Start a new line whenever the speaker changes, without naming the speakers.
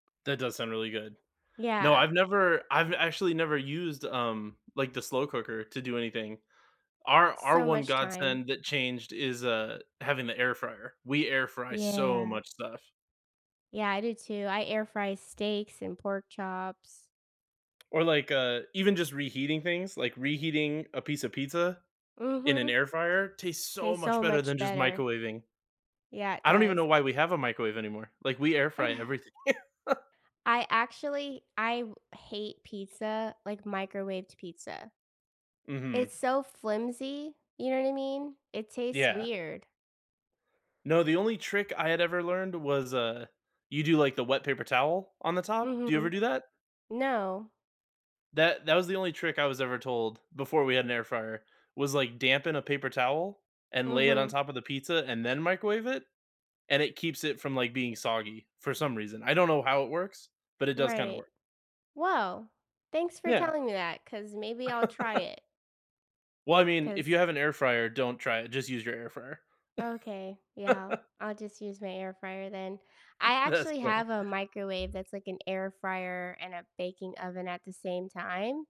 That does sound really good. No,
Yeah,
I've
eh
never I've actually never used, um, like, the slow cooker to do anything. Our our
So
one
much time.
godsend that changed is, uh, having the air fryer, we air fry so
Yeah.
much stuff.
Yeah, I do too, I air fry steaks and pork chops.
Or, like, uh, even just reheating things, like, reheating a piece of pizza in an
Mhm.
air fryer, tastes so
Tastes
much
so
better
much
than just
better.
microwaving.
Yeah, it
I don't even
does.
know why we have a microwave anymore, like, we air fry
Uh.
everything.
I actually I w hate pizza, like, microwaved pizza.
Mhm.
It's so flimsy, you know what I mean? It tastes
Yeah.
weird.
No, the only trick I had ever learned was, uh, you do, like, the wet paper towel on the top, do you ever
Mhm.
do that?
No.
That that was the only trick I was ever told before we had an air fryer, was, like, dampen a paper towel, and lay it on
Mhm.
top of the pizza, and then microwave it, and it keeps it from, like, being soggy for some reason. I don't know how it works, but it does kinda
Right.
work.
Well, thanks for
Yeah.
telling me that, 'cause maybe I'll try it.
Well, I mean, if you
'Cause
have an air fryer, don't try it, just use your air fryer.
Okay, yeah, I'll just use my air fryer then. I
That's
actually
funny.
have a microwave that's like an air fryer and a baking oven at the same time.